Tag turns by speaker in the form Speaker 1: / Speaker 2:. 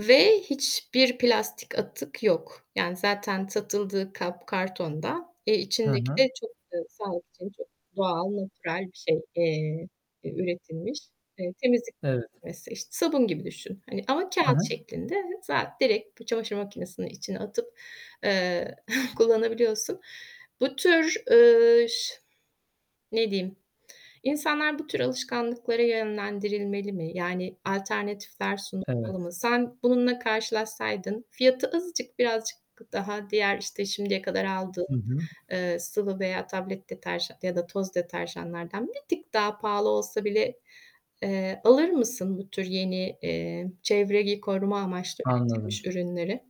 Speaker 1: Ve hiçbir plastik atık yok yani zaten satıldığı kap kartondan, eee,
Speaker 2: Hı
Speaker 1: içindeki
Speaker 2: hı.
Speaker 1: de çok eee, sağlık için çok doğal, natürel bir şey, eee, ü üretilmiş. Eee, temizlik
Speaker 2: Evet.
Speaker 1: [unintelligible] işte sabun gibi düşün hani ama
Speaker 2: Hı
Speaker 1: kâğıt
Speaker 2: hı.
Speaker 1: şeklinde. Za direkt bu çamaşır makinesinin içine atıp, ııı, kullanabiliyorsun. Bu tür, ııı, ş ne diyeyim, insanlar bu tür alışkanlıklara yönlendirilmeli mi yani alternatifler sunulmalı
Speaker 2: Evet.
Speaker 1: mı? Sen bununla karşılaşsaydın fiyatı azıcık, birazcık daha diğer işte şimdiye kadar aldığın,
Speaker 2: Hı hı.
Speaker 1: ııı, sıvı veya tablet deterjan ya da toz deterjanlardan bir tık daha pahalı olsa bile, eee, alır mısın bu tür yeni, eee, çevreyi koruma amaçlı üretilmiş
Speaker 2: Anladım.
Speaker 1: ürünleri?